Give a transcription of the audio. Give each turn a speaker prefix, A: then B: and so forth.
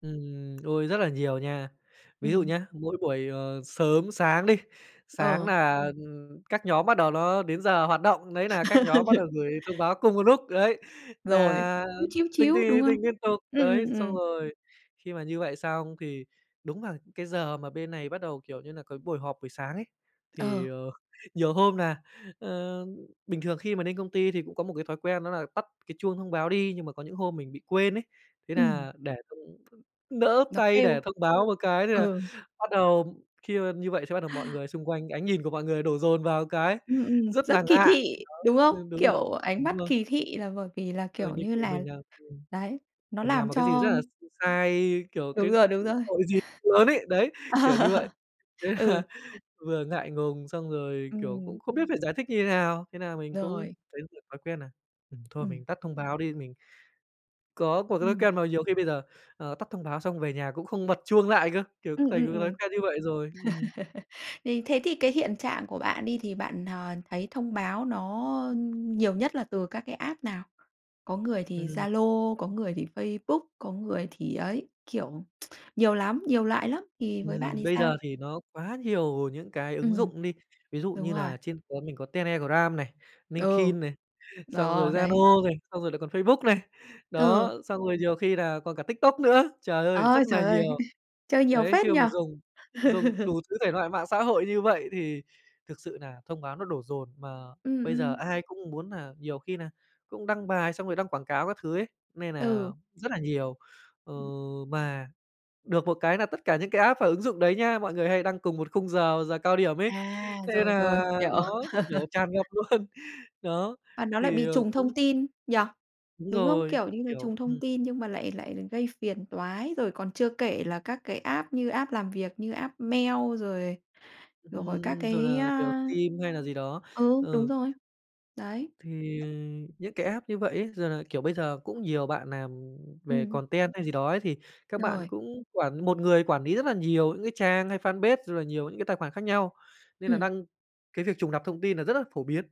A: Ừm, ôi rất là nhiều nha. Ví dụ
B: Ừm.
A: nhá, mỗi buổi, ờ, sớm sáng đi, sáng
B: Ờ.
A: nà các nhóm bắt đầu nó đến giờ hoạt động, đấy nà các nhóm bắt đầu gửi thông báo cùng một lúc, đấy,
B: Rồi,
A: nà
B: chíu, chíu,
A: tinh, tinh,
B: chíu, đúng
A: tinh,
B: không?
A: tinh liên tục,
B: Ừm,
A: đấy.
B: ừm,
A: Xong
B: ừm.
A: rồi khi mà như vậy xong thì đúng và cái giờ mà bên này bắt đầu, kiểu như nà, cái buổi họp buổi sáng ấy,
B: Ờ.
A: thì, ờ, nhiều hôm nà, ơ bình thường khi mà nên công ty thì cũng có một cái thói quen đó là tắt cái chuông thông báo đi, nhưng mà có những hôm mình bị quên ấy, thế
B: Ừm.
A: nà để thông nỡ
B: Nó
A: tay để
B: kêu.
A: thông báo một cái thế là
B: Ờ.
A: bắt đầu khi mà như vậy xong bắt đầu mọi người xung quanh ánh nhìn của mọi người đổ dồn vào cái,
B: Ừm, ừm,
A: rất nà
B: rất kỳ
A: ngại,
B: thị,
A: [unintelligible]
B: đúng không?
A: ừ, đúng rồi,
B: Kiểu, ánh
A: đúng
B: mắt
A: rồi.
B: kỳ thị là bởi vì là,
A: Ờ,
B: kiểu,
A: như,
B: như
A: kiểu,
B: là
A: mình, à, ừm
B: đấy, nó
A: mình nàm
B: làm
A: một cái gì rất
B: cho
A: là s sai, kiểu, cái,
B: Đúng rồi, đúng
A: ừm,
B: rồi.
A: tội gì lớn ấy, đấy, kiểu như
B: Ờ.
A: vậy. Thế là
B: Ừ.
A: vừa ngại ngùng, xong rồi, kiểu,
B: Ừm.
A: cũng không biết phải giải thích như thế nào. Thế nà mình cũng
B: Rồi.
A: thấy được thói quen nà, ừm, thôi
B: Ừm.
A: mình tắt thông báo đi, mình có cột thói
B: Ừm.
A: ken mà nhiều khi bây giờ, ờ, tắt thông báo xong về nhà cũng không bật chuông lại cơ, kiểu,
B: Ừm,
A: [unintelligible] thành
B: ừm,
A: một cái thói
B: ừm.
A: quen như vậy rồi, ừm.
B: Thì thế thì cái hiện trạng của bạn đi thì bạn, ờ, thấy thông báo nó, ơ, nhiều nhất là từ các cái app nào? Có người thì
A: Ừm.
B: Zalo, có người thì Facebook, có người thì ấy, kiểu, nhiều lắm, nhiều loại lắm. Thì với bạn
A: Ừm,
B: thì
A: bây
B: sao?
A: giờ thì nó quá nhiều những cái ứng
B: Ừm.
A: dụng đi, ví dụ
B: Đúng
A: như
B: rồi.
A: nà trên [unintelligible] mình có Telegram này,
B: Ừ.
A: LinkedIn này, xong
B: Đò,
A: rồi da
B: đấy.
A: nô này, xong rồi lại còn Facebook này, đó,
B: Ừ.
A: xong rồi nhiều khi là còn cả TikTok nữa, trời ơi,
B: Ờ,
A: rất nà
B: trời ơi,
A: nhiều.
B: chơi nhiều
A: Đấy,
B: phết
A: khi
B: nhỉ?
A: mà dùng dùng đủ thứ thể loại mạng xã hội như vậy thì thực sự nà thông báo nó đổ dồn, mà
B: Ừm,
A: bây giờ
B: ừm.
A: ai cũng muốn nà nhiều khi nà cũng đăng bài xong rồi đăng quảng cáo các thứ ấy, nên nà
B: Ừ.
A: rất là nhiều. Ờ,
B: Ừm.
A: mà được một cái là tất cả những cái app và ứng dụng đấy nhá, mọi người hay đăng cùng một khung giờ, giờ cao điểm ấy,
B: À,
A: thế
B: rồi, rồi,
A: nà
B: hiểu.
A: nó, kiểu, tràn ngập luôn, đó,
B: Và nó lại
A: thì,
B: bị
A: ờ,
B: trùng
A: cũng
B: thông tin, nhỉ?
A: Đúng
B: Đúng không?
A: rồi,
B: Kiểu như là,
A: kiểu
B: trùng thông
A: ừm.
B: tin nhưng mà lại lại gây phiền toái, rồi còn chưa kể là các cái app như app làm việc, như app mail, rồi rồi các
A: Ừm, rồi
B: cái
A: là, kiểu,
B: á
A: phim hay là gì đó,
B: ừ, đúng
A: ừ.
B: rồi, đấy.
A: Thì những cái app như vậy ấy giờ là kiểu, bây giờ cũng nhiều bạn nàm về
B: Ừm.
A: content hay gì đó ấy thì các bạn
B: Rồi.
A: cũng quản một người quản lý rất là nhiều những cái trang hay fanpage, rồi là nhiều những cái tài khoản khác nhau, nên là
B: Ừm.
A: đăng cái việc trùng lặp thông tin là rất là phổ biến.